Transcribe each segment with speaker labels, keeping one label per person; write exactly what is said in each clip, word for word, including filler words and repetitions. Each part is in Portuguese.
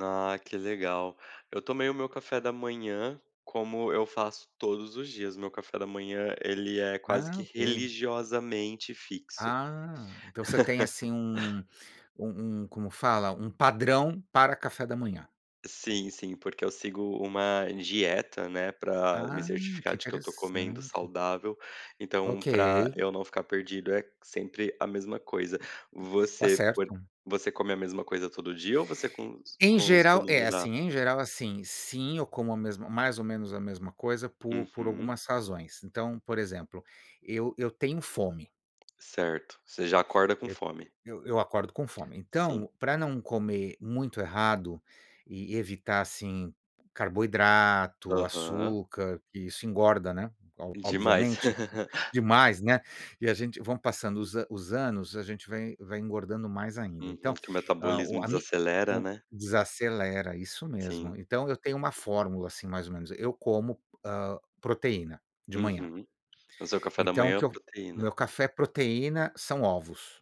Speaker 1: Ah, que legal. Eu tomei o meu café da manhã, como eu faço todos os dias, o meu café da manhã ele é quase
Speaker 2: Ah,
Speaker 1: que
Speaker 2: ok.
Speaker 1: religiosamente fixo.
Speaker 2: Ah, então você tem assim um um um como fala? um padrão para café da manhã.
Speaker 1: Sim, sim, porque eu sigo uma dieta, né, para me
Speaker 2: Ah, que
Speaker 1: certificar de que eu tô comendo
Speaker 2: interessante.
Speaker 1: saudável, então
Speaker 2: Ok.
Speaker 1: para eu não ficar perdido é sempre a mesma coisa.
Speaker 2: Tá
Speaker 1: Você
Speaker 2: certo.
Speaker 1: você come a mesma coisa todo dia ou você com
Speaker 2: Em geral
Speaker 1: costuma
Speaker 2: é,
Speaker 1: mudar?
Speaker 2: assim, em geral, assim, sim, como a mesma mais ou menos a mesma coisa por por
Speaker 1: Uhum.
Speaker 2: algumas razões, então, por exemplo, eu eu tenho fome.
Speaker 1: Certo, você já acorda com
Speaker 2: Eu
Speaker 1: fome.
Speaker 2: eu eu eu acordo com fome,
Speaker 1: Sim.
Speaker 2: então para não comer muito errado e evitar, assim, carboidrato,
Speaker 1: Aham.
Speaker 2: açúcar, que isso engorda, né,
Speaker 1: Demais.
Speaker 2: obviamente, demais, né. E a gente vão passando os os anos, a gente vai vai engordando mais ainda,
Speaker 1: Uhum.
Speaker 2: então,
Speaker 1: Que o
Speaker 2: a o
Speaker 1: metabolismo
Speaker 2: a me
Speaker 1: desacelera,
Speaker 2: o
Speaker 1: né.
Speaker 2: desacelera, isso mesmo.
Speaker 1: Sim.
Speaker 2: Então eu tenho uma fórmula, assim, mais ou menos, eu como, hã, proteína de manhã,
Speaker 1: Uhum. O seu café da
Speaker 2: então o
Speaker 1: manhã é
Speaker 2: que
Speaker 1: uma
Speaker 2: eu o meu
Speaker 1: proteína.
Speaker 2: café proteína, são ovos,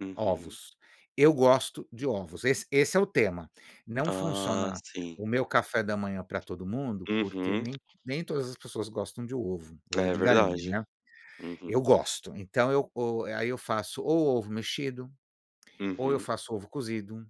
Speaker 1: Uhum.
Speaker 2: ovos, eu gosto de ovos, esse esse é o tema. Não
Speaker 1: Ah,
Speaker 2: funciona
Speaker 1: sim.
Speaker 2: o meu café da manhã para todo mundo, porque
Speaker 1: Uhum.
Speaker 2: nem nem todas as pessoas gostam de ovo, ovo
Speaker 1: É
Speaker 2: de galinha,
Speaker 1: verdade.
Speaker 2: né.
Speaker 1: Uhum.
Speaker 2: Eu gosto, então o e aí eu faço ou ovo mexido, ou eu
Speaker 1: Uhum.
Speaker 2: faço ovo cozido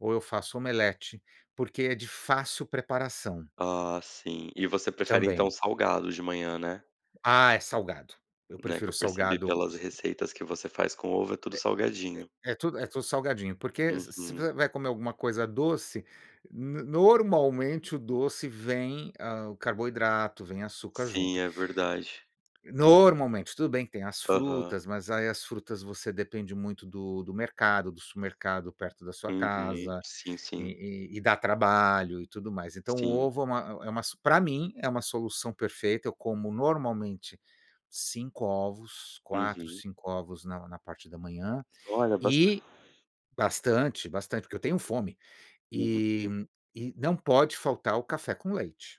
Speaker 2: ou eu faço omelete, porque é de fácil preparação.
Speaker 1: Ah, sim, e você prefere
Speaker 2: Também.
Speaker 1: então salgado de manhã, né.
Speaker 2: Ah, é salgado. Eu
Speaker 1: Não, é que
Speaker 2: prefiro
Speaker 1: eu percebi
Speaker 2: salgado.
Speaker 1: pelas receitas que você faz com ovo, é
Speaker 2: É
Speaker 1: tudo salgadinho.
Speaker 2: é é tudo é tudo salgadinho, porque se se
Speaker 1: Uhum.
Speaker 2: você vai comer alguma coisa doce, n normalmente o doce vem, ah, o carboidrato, vem açúcar
Speaker 1: Sim,
Speaker 2: junto.
Speaker 1: é verdade.
Speaker 2: Normalmente, tudo bem que tem as
Speaker 1: Aham.
Speaker 2: frutas, mas aí as frutas você depende muito do do mercado, do supermercado, perto da sua
Speaker 1: Uhum,
Speaker 2: casa,
Speaker 1: sim, sim.
Speaker 2: e e e dá trabalho e tudo mais. Então o
Speaker 1: Sim.
Speaker 2: ovo é uma é uma para mim é uma solução perfeita. Eu como normalmente cinco ovos, quatro,
Speaker 1: Uhum.
Speaker 2: cinco ovos na na parte da manhã,
Speaker 1: Olha bastante.
Speaker 2: e bastante bastante, porque eu tenho fome,
Speaker 1: Uhum.
Speaker 2: e e não pode faltar o café com leite.